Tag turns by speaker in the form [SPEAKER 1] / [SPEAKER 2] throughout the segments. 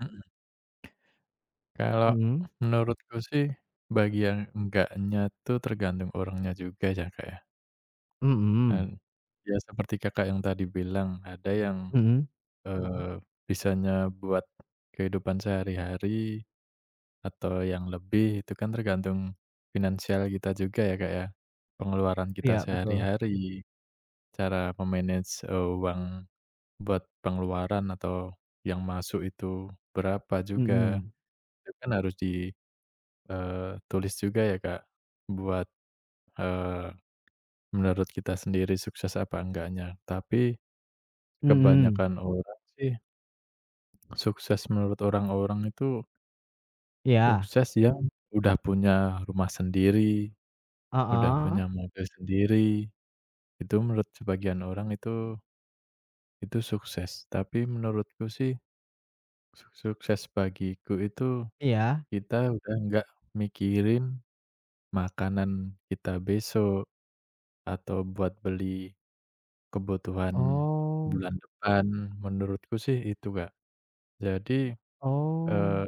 [SPEAKER 1] Mhm. Kalau
[SPEAKER 2] Mhm?
[SPEAKER 1] menurutku sih bagi yang enggaknya tuh tergantung orangnya juga ya, Kak, ya. Dan,
[SPEAKER 2] Mhm.
[SPEAKER 1] ya seperti Kakak yang tadi bilang ada yang,
[SPEAKER 2] Mhm.
[SPEAKER 1] eee, bisanya buat kehidupan sehari-hari atau yang lebih, itu kan tergantung finansial kita juga ya, Kak, ya. Pengeluaran kita
[SPEAKER 2] Iya, betul.
[SPEAKER 1] sehari-hari, cara me-manage uang buat pengeluaran atau yang masuk itu berapa juga,
[SPEAKER 2] Mhm.
[SPEAKER 1] itu kan harus di, eee, tulis juga ya, Kak, buat, eee, menurut kita sendiri sukses apa enggaknya. Tapi
[SPEAKER 2] Mhm.
[SPEAKER 1] kebanyakan orang sih sukses menurut orang-orang itu
[SPEAKER 2] Iya.
[SPEAKER 1] sukses yang udah punya rumah sendiri, udah
[SPEAKER 2] Heeh.
[SPEAKER 1] punya mobil sendiri, itu menurut sebagian orang itu itu sukses. Tapi menurutku sih, suk sukses bagiku itu
[SPEAKER 2] Iya.
[SPEAKER 1] kita udah enggak mikirin makanan kita besok, atau buat beli kebutuhan
[SPEAKER 2] Oh.
[SPEAKER 1] bulan depan. Menurutku sih itu, Kak. Jadi, eee,
[SPEAKER 2] Oh.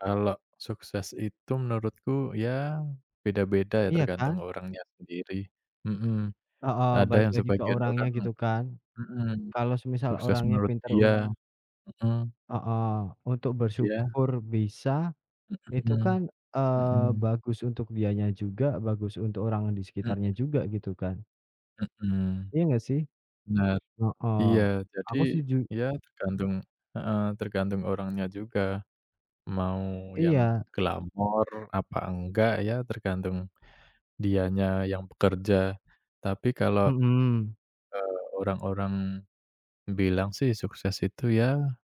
[SPEAKER 1] kalau sukses itu menurutku, ya beda-beda ya,
[SPEAKER 2] Iya
[SPEAKER 1] tergantung
[SPEAKER 2] kan?
[SPEAKER 1] orangnya sendiri. Mhm.
[SPEAKER 2] Heeh,
[SPEAKER 1] Ada
[SPEAKER 2] balik
[SPEAKER 1] yang
[SPEAKER 2] lagi ke
[SPEAKER 1] sebagian
[SPEAKER 2] orangnya,
[SPEAKER 1] orang
[SPEAKER 2] gitu, kan.
[SPEAKER 1] mhm,
[SPEAKER 2] Kalau semisal
[SPEAKER 1] sukses
[SPEAKER 2] orangnya
[SPEAKER 1] menurut
[SPEAKER 2] pintar un
[SPEAKER 1] dia Mhm.
[SPEAKER 2] Heeh, untuk
[SPEAKER 1] Iya.
[SPEAKER 2] bersyukur bisa, itu
[SPEAKER 1] Mhm.
[SPEAKER 2] kan, eee,
[SPEAKER 1] Mhm.
[SPEAKER 2] bagus untuk dianya juga, bagus untuk orang di
[SPEAKER 1] Mhm.
[SPEAKER 2] sekitarnya juga, gitu kan.
[SPEAKER 1] Mhm.
[SPEAKER 2] Iya, nggak sih?
[SPEAKER 1] Benar.
[SPEAKER 2] Heeh.
[SPEAKER 1] Iya. Jadi,
[SPEAKER 2] Aku setuju.
[SPEAKER 1] ya tergantung heeh, tergantung orangnya juga mau yang
[SPEAKER 2] Iya.
[SPEAKER 1] glamor apa enggak ya tergantung dianya yang bekerja. Tapi kalau,
[SPEAKER 2] Mhm.
[SPEAKER 1] eee, orang-orang bilang sih sukses itu ya